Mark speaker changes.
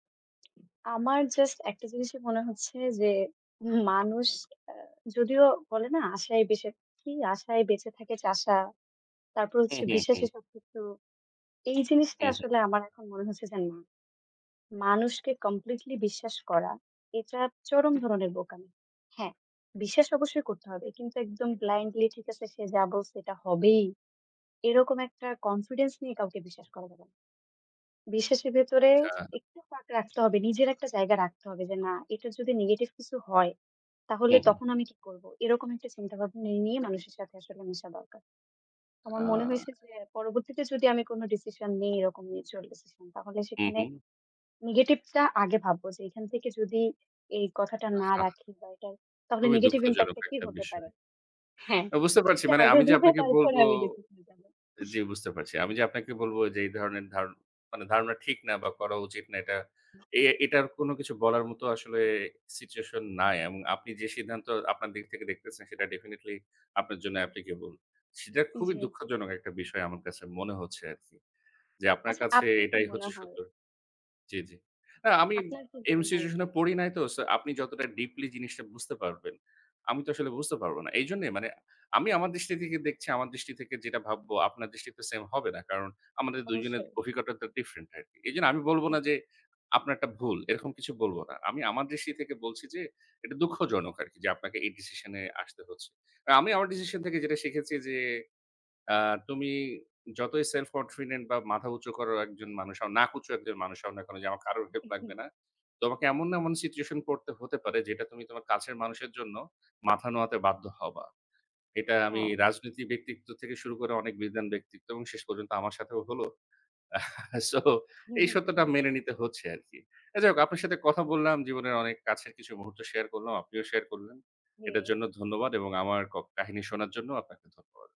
Speaker 1: আমার জাস্ট একটা জিনিসই মনে হচ্ছে যে, মানুষ আ যদিও বলে না আশায় বেঁচে থাকি, আশায় বেঁচে থাকে চাষা, তারপর
Speaker 2: হু,
Speaker 1: হচ্ছে
Speaker 2: হু, হু।
Speaker 1: বিশ্বাসে সবকিছু। এই জিনিসটা
Speaker 2: হু, হুম
Speaker 1: আসলে আমার এখন মনে হচ্ছে যে না, মানুষকে কমপ্লিটলি বিশ্বাস করা এটা চরম ধরনের বোকামি। হ্যাঁ, বিশ্বাস অবশ্যই করতে হবে কিন্তু একদম ব্লাইন্ডলি ঠিক আছে, সে যা বলছে এটা হবেই, এরকম একটা কনফিডেন্স নিয়ে কাউকে বিশ্বাস করা যাবে না। বিশ্বাসের ভেতরে
Speaker 2: আচ্ছা
Speaker 1: একটু ফাঁক রাখতে হবে, নিজের একটা জায়গা রাখতে হবে যে না, এটা যদি নেগেটিভ কিছু হয়, তাহলে
Speaker 2: হুম, হুম।
Speaker 1: তখন আমি কি করব? এরকম একটা চিন্তাভাবনা নিয়ে, মানুষের সাথে আসলে মিশা দরকার। আমার
Speaker 2: আ
Speaker 1: মনে হয়েছে যে, পরবর্তীতে যদি আমি কোন ডিসিশন নিই এরকম [unintelligible] ডিসিশন তাহলে
Speaker 2: হুম,
Speaker 1: সেখানে
Speaker 2: হুম।
Speaker 1: নেগেটিভ টা আগে ভাববো যে, এখান থেকে যদি এই কথাটা না
Speaker 2: আহা!
Speaker 1: রাখি বা এটা তাহলে
Speaker 2: খুবই
Speaker 1: নেগেটিভ ইমপ্যাক্ট
Speaker 2: দুঃখজনক
Speaker 1: কি,
Speaker 2: একটা
Speaker 1: হতে
Speaker 2: বিষয়।
Speaker 1: পারে? হ্যাঁ,
Speaker 2: বুঝতে পারছি।
Speaker 1: এইটা
Speaker 2: মানে
Speaker 1: আগে
Speaker 2: আমি যে
Speaker 1: ভেবে
Speaker 2: আপনাকে বলব
Speaker 1: তারপরে আমি ডিসিশন নেব। উম
Speaker 2: জি, বুঝতে পারছি। আমি যে আপনাকে বলবো, এই ধরনের ধার মানে ধারণা ঠিক না বা করা উচিত না, এটা, এ
Speaker 1: হু।
Speaker 2: এটার কোন কিছু বলার মতো আসলে সিচুয়েশন নাই এবং আপনি যে সিদ্ধান্ত, আপনার দিক থেকে দেখতেছেন, সেটা ডেফিনেটলি আপনার জন্য আপলিকেবল। সেটা খুবই
Speaker 1: জি।
Speaker 2: দুঃখজনক একটা বিষয় আমার কাছে মনে হচ্ছে আরকি। যে আপনার
Speaker 1: আচ্ছা,
Speaker 2: কাছে
Speaker 1: আপনার কি
Speaker 2: এটাই
Speaker 1: মনে
Speaker 2: হচ্ছে
Speaker 1: হয়?
Speaker 2: সত্য। জি, জি। আ আমি
Speaker 1: আপনার কি
Speaker 2: এমন
Speaker 1: মনে হয়?
Speaker 2: সিচুয়েশন এ পড়ি নাই তো। সো আপনি যতটা ডিপলি জিনিসটা বুঝতে পারবেন, আমি তো আসলে বুঝতে পারব না। এইজন্যই মানে আমি আমার দৃষ্টি থেকে দেখছি, আমার দৃষ্টি থেকে যেটা ভাবব, আপনার দৃষ্টিতে সেইম হবে না। কারণ আমাদের দুজনের
Speaker 1: অবশ্যই।
Speaker 2: অভিজ্ঞতাটা ডিফারেনট আরকি। এইজন্য আমি বলব না
Speaker 1: হ্যাঁ।
Speaker 2: যে, আপনারটা ভুল, এরকম কিছু বলব না। আমি আমার দৃষ্টি থেকে বলছি যে, এটা দুঃখজনক আরকি যে আপনাকে এই ডিসিশন এ আসতে হচ্ছে। আমি আমার ডিসিশন থেকে যেটা শিখেছি যে, আ তুমি যতই সেলফ-কনফিডেন্ট বা মাথা উঁচু করে একজন মানুষ হও না, নাক উঁচু একজন মানুষ হও না কেন, যে আমার কারো হেল্প
Speaker 1: উ,
Speaker 2: লাগবে
Speaker 1: হু।
Speaker 2: না, তোমাকে এমন এমন সিচুয়েশন পড়তে হতে পারে, যেটা তুমি তোমার কাছের মানুষের জন্য মাথা নোয়াতে বাধ্য হবা। এটা আমি
Speaker 1: হ্যাঁ।
Speaker 2: রাজনীতি ব্যক্তিত্ব থেকে শুরু করে অনেক বিজ্ঞান ব্যক্তিত্ব এবং শেষ পর্যন্ত আমার সাথেও হলো। সো,
Speaker 1: হু,
Speaker 2: এই সত্যটা
Speaker 1: হু।
Speaker 2: মেনে নিতে হচ্ছে আরকি। যাই হোক, আপনার সাথে কথা বললাম। জীবনের অনেক কাছের কিছু মুহূর্ত শেয়ার করলাম। আপনিও শেয়ার করলেন।
Speaker 1: জি।
Speaker 2: এটার জন্য ধন্যবাদ এবং আমার ক কাহিনী শোনার জন্যও আপনাকে ধন্যবাদ।